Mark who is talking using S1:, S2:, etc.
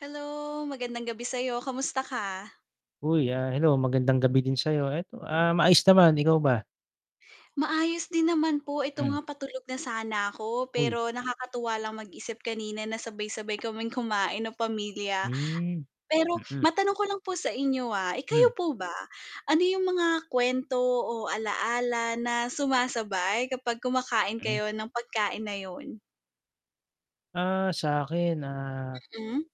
S1: Hello, magandang gabi sa'yo. Kamusta ka?
S2: Uy, ah, hello magandang gabi din sa'yo. Eto, ah, maayos naman, ikaw ba?
S1: Maayos din naman po eto
S2: Mm.
S1: nga patulog na sana ako,
S2: Uy.
S1: pero nakakatuwa lang mag-isip kanina na sabay-sabay kaming kumain ng pamilya.
S2: Hmm.
S1: Pero
S2: Mm.
S1: matanong ko lang po sa inyo, ah, eh
S2: Hmm.
S1: kayo po ba, ano yung mga kwento o alaala na sumasabay kapag kumakain
S2: M
S1: kayo ng pagkain na yun?
S2: Ah, sa'kin, ah
S1: Mm.